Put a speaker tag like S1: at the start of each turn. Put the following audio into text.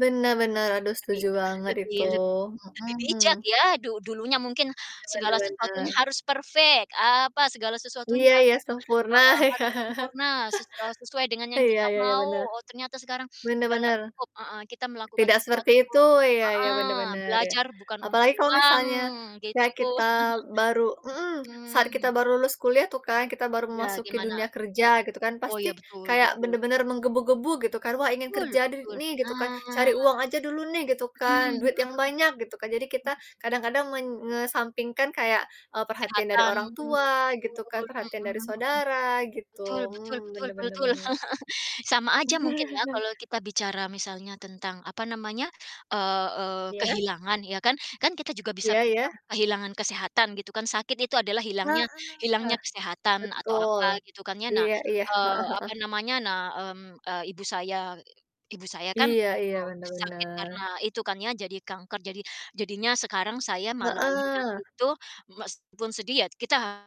S1: Benar benar, aduh
S2: Lebih
S1: setuju banget
S2: lebih
S1: itu.
S2: leb lebih bijak
S1: Mhm.
S2: ya, du dulunya mungkin
S1: Benar
S2: segala
S1: benar
S2: sesuatunya
S1: benar.
S2: harus perfect, apa, segala sesuatunya
S1: Iya
S2: harus,
S1: iya, sempurna,
S2: eee,
S1: ya.
S2: harus sempurna, se eee, sesuai dengan yang
S1: Iya
S2: kita
S1: iya,
S2: mau.
S1: benar,
S2: Oh, ternyata sekarang
S1: benar
S2: segala
S1: benar.
S2: cukup, heeh, kita melakukan
S1: Tidak seperti
S2: sesuatu,
S1: itu, iya iya,
S2: heeh,
S1: benar benar, ya.
S2: belajar bukan untuk
S1: Apalagi kalau
S2: uang,
S1: misalnya ya
S2: gitu.
S1: kita baru mmm, saat kita
S2: Mhm.
S1: baru lulus kuliah tuh kan, kita baru
S2: Ya,
S1: memasuki
S2: gimana?
S1: dunia kerja, gitu kan,
S2: Oh,
S1: pasti
S2: ya, betul
S1: kayak
S2: betul.
S1: bener-bener menggebu-gebu, gitu kan, wah, ingin
S2: Betul
S1: kerja de
S2: betul,
S1: nih, gitu kan,
S2: nah.
S1: cari uang aja dulu nih, gitu
S2: Mhm
S1: kan,
S2: mhm mhm
S1: duit yang banyak, gitu kan. Jadi kita
S2: mhm.
S1: kadang-kadang men ngesampingkan kayak, eee, perhatian dari
S2: Kesehatan,
S1: orang
S2: mmm,
S1: tua, gitu kan,
S2: betul.
S1: perhatian
S2: Mhm
S1: dari
S2: mhm.
S1: saudara, gitu.
S2: Betul betul
S1: Mmm,
S2: betul
S1: benar benar
S2: betul.
S1: benar.
S2: Sama aja mungkin ya, kalau kita bicara misalnya tentang, apa namanya, eee eee,
S1: Iya?
S2: kehilangan, ya kan? Kan kita juga bisa
S1: Iya iya?
S2: bilang kehilangan kesehatan gitu kan. Sakit itu adalah hilangnya
S1: Heeh,
S2: hilangnya kesehatan atau apa
S1: betul,
S2: gitu kan, ya. Nah
S1: iya iya,
S2: eee, apa
S1: heeh heeh.
S2: namanya, nah, mmm, eee, ibu saya ibu saya kan,
S1: Iya iya,
S2: eee,
S1: benar
S2: sakit karena
S1: benar.
S2: itu kan ya, jadi kanker, jadi jadinya sekarang saya malah lihat
S1: Heeh.
S2: itu, meskipun sedih ya kita